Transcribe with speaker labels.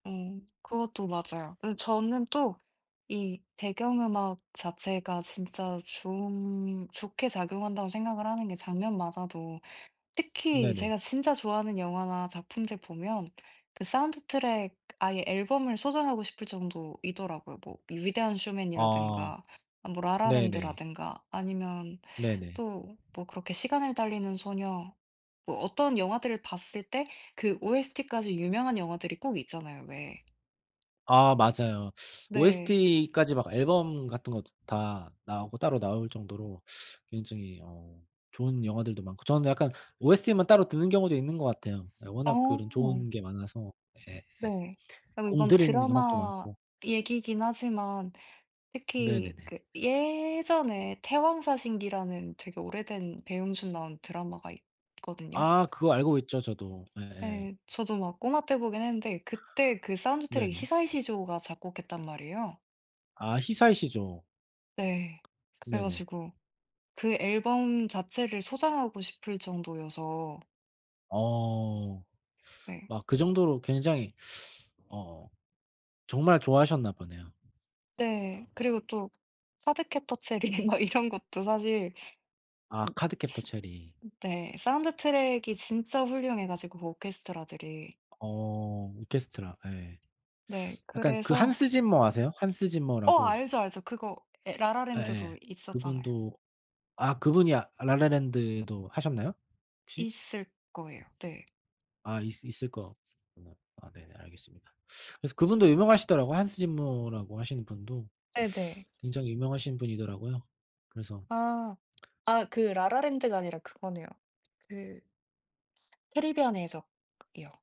Speaker 1: 어 그것도 맞아요. 그리고 저는 또 이 배경 음악 자체가 진짜 좋은 좋게 작용한다고 생각을 하는 게 장면마다도 특히
Speaker 2: 네네.
Speaker 1: 제가 진짜 좋아하는 영화나 작품들 보면 그 사운드트랙 아예 앨범을 소장하고 싶을 정도이더라고요. 뭐 위대한
Speaker 2: 아.
Speaker 1: 쇼맨이라든가 뭐
Speaker 2: 네네.
Speaker 1: 라라랜드라든가 아니면
Speaker 2: 네네.
Speaker 1: 또 뭐 그렇게 시간을 달리는 소녀 뭐 어떤 영화들을 봤을 때 그 OST까지 유명한 영화들이 꼭 있잖아요 왜.
Speaker 2: 아 맞아요.
Speaker 1: 네.
Speaker 2: OST까지 막 앨범 같은 것도 다 나오고 따로 나올 정도로 굉장히 어 좋은 영화들도 많고 저는 약간 OST만 따로 듣는 경우도 있는 것 같아요. 예 워낙 그런
Speaker 1: 어.
Speaker 2: 좋은 게 많아서 예예.
Speaker 1: 네. 그리고 이건
Speaker 2: 공들인 음악도
Speaker 1: 드라마
Speaker 2: 많고.
Speaker 1: 얘기긴 하지만 특히
Speaker 2: 네네네.
Speaker 1: 그 예전에 태왕 사신기라는 되게 오래된 배용준 나온 드라마가 있거든요.
Speaker 2: 아 그거 알고 있죠 저도. 네예.
Speaker 1: 네. 저도 막 꼬마 때 보긴 했는데 그때 그 사운드트랙이
Speaker 2: 네네.
Speaker 1: 히사이시 조가 작곡했단 말이에요.
Speaker 2: 아 히사이시 조.
Speaker 1: 네 그래
Speaker 2: 네네.
Speaker 1: 가지고 그 앨범 자체를 소장하고 싶을 정도여서
Speaker 2: 어
Speaker 1: 네.
Speaker 2: 막 그 정도로 굉장히 어 정말 좋아하셨나 보네요.
Speaker 1: 네. 그리고 또 카드캡터 체리 막 이런 것도 사실
Speaker 2: 아
Speaker 1: 으
Speaker 2: 카드캡터
Speaker 1: 스
Speaker 2: 체리.
Speaker 1: 네 사운드트랙이 진짜 훌륭해 가지고 오케스트라들이.
Speaker 2: 어 오케스트라 예.
Speaker 1: 네
Speaker 2: 약간 그
Speaker 1: 그래서
Speaker 2: Hans Zimmer아세요? Hans
Speaker 1: 어
Speaker 2: Zimmer라고.
Speaker 1: 알죠, 알죠. 그거 예 라라랜드도
Speaker 2: 예예.
Speaker 1: 있었잖아요.
Speaker 2: 그분도 아 그분이 아 라라랜드도 하셨나요? 혹시?
Speaker 1: 있을 거예요. 네.
Speaker 2: 아 있을 있을 거구나. 아 네네 알겠습니다. 그래서 그분도 유명하시더라고요. Hans Zimmer라고 하시는 분도
Speaker 1: 네네.
Speaker 2: 굉장히 유명하신 분이더라고요. 그래서
Speaker 1: 아. 아 그 라라랜드가 아니라 그거네요. 그 캐리비안의 해적이요.